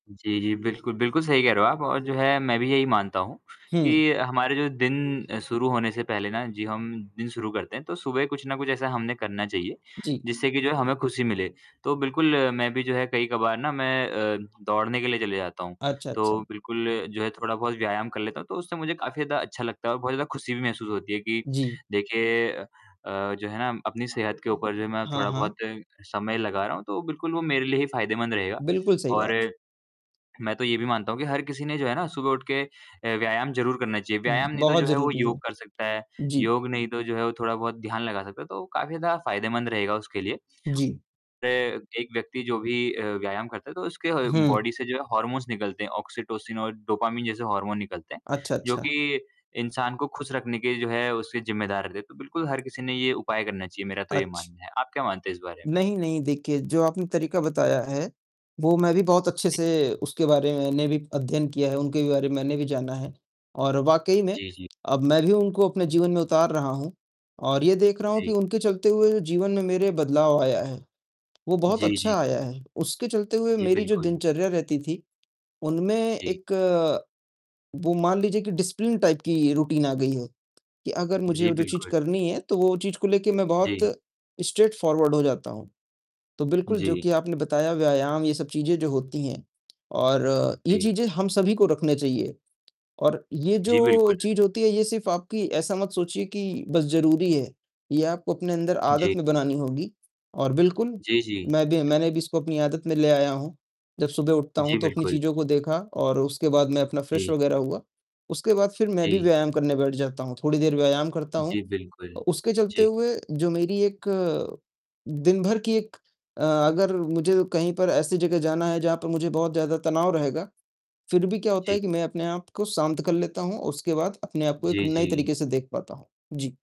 जी, जी बिल्कुल, बिल्कुल सही कह रहे हो आप और जो है मैं भी यही मानता हूँ हुँ। कि हमारे जो दिन शुरू होने से पहले ना जी हम दिन शुरू करते हैं तो सुबह कुछ न कुछ ऐसा हमने करना चाहिए जी। जिससे कि जो है, हमें खुशी मिले। तो बिल्कुल, मैं भी जो है कई कभार ना मैं अ, दौड़ने के लिए चले जाता हूँ, अच्छा, तो अच्छा। बिल्कुल जो है थोड़ा-बहुत व्यायाम कर लेता हूँ, तो उससे मुझे काफ़ी ज़्यादा अच्छा लगता है और बहुत ज़्यादा खुशी भी महसूस होती है कि जी। देखिए अ अ, जो है ना अपनी सेहत के ऊपर जो मैं हाँ, थोड़ा-बहुत हाँ। समय लगा रहा हूँ, तो बिल्कुल वो मेरे लिए ही फ़ायदेमंद रहेगा बिल्कुल सही और बात। मैं तो ये भी मानता हूँ कि हर किसी ने जो है ना सुबह उठ के अ, व्यायाम ज़रूर करना चाहिए। व्यायाम नहीं तो बहुत जो है, वो ज़रूरी योग है। कर सकता है, जी। योग नहीं तो जो है वो थोड़ा-बहुत ध्यान लगा सकता है, तो काफ़ी ज़्यादा फ़ायदेमंद रहेगा उसके लिए। जी। रे एक व्यक्ति जो भी अ, व्यायाम करता है तो उसके ह हुँ। बॉडी से जो है हॉर्मोन्स निकलते हैं, ऑक्सीटोसिन और डोपामाइन जैसे हार्मोन निकलते हैं, अच्छा, जो अच्छा। कि इंसान को खुश रखने के जो है उसके ज़िम्मेदार रहते। तो बिल्कुल हर किसी ने ये उपाय करना चाहिए मेरा तो ये अच्छ मानना है। आप क्या मानते हैं इस बारे में? नहीं, नहीं देखिए, जो आपने तरीका बताया है, वो मैं भी बहुत अच्छे जी। से उसके बारे मैंने भी अध्ययन किया है। उनके बारे में मैंने भी जाना है और वाक़ई में जी, जी। अब मैं भी उनको अपने जीवन में उतार रहा हूँ और ये देख रहा हूँ कि जी। उनके चलते हुए जीवन में मेरे बदलाव आया है, वो बहुत जी, जी। अच्छा आया है। उसके चलते हुए जी, मेरी जो बिल्कुल। दिनचर्या रहती थी, उनमें जी। एक वो मान लीजिए कि डिसिप्लिन टाइप की रूटीन आ गई है, कि अगर जी, मुझे जो चीज़ बिल्कुल। करनी है, तो वो चीज़ को लेके मैं बहुत जी। स्ट्रेटफ़ॉरवर्ड हो जाता हूँ। तो बिल्कुल जो जी। कि आपने बताया व्यायाम ये सब चीज़ें जो होती हैं और ये जी। चीज़ें हम सभी को रखने चाहिए। और ये जी, जो बिल्कुल। चीज़ होती है ये सिर्फ़ आपकी ऐसा मत सोचिए कि बस ज़रूरी है, ये आपको अपने अंदर जी। आदत में बनानी होगी और बिल्कुल, जी, जी। मैं भी मैंने भी इसको अपनी आदत में ले आया हूँ। जब सुबह उठता जी, हूँ, तो अपनी बिल्कुल। चीज़ों को देखा और उसके बाद मैं अपना फ्रेश जी। वग़ैरह हुआ, उसके बाद फिर मैं भी जी। व्यायाम करने बैठ जाता हूँ, थोड़ी देर व्यायाम करता हूँ। जी, बिल्कुल। अ, उसके चलते जी। हुए जो मेरी एक दिन भर की एक अ, अगर मुझे कहीं पर ऐसी जगह जाना है, जहाँ पे मुझे बहुत ज़्यादा तनाव रहेगा, फिर भी क्या होता है जी। कि मैं अपने आप को शांत कर लेता हूँ, उसके बाद अपने आप को एक जी, नए जी। तरीके से देख पाता हूँ। जी।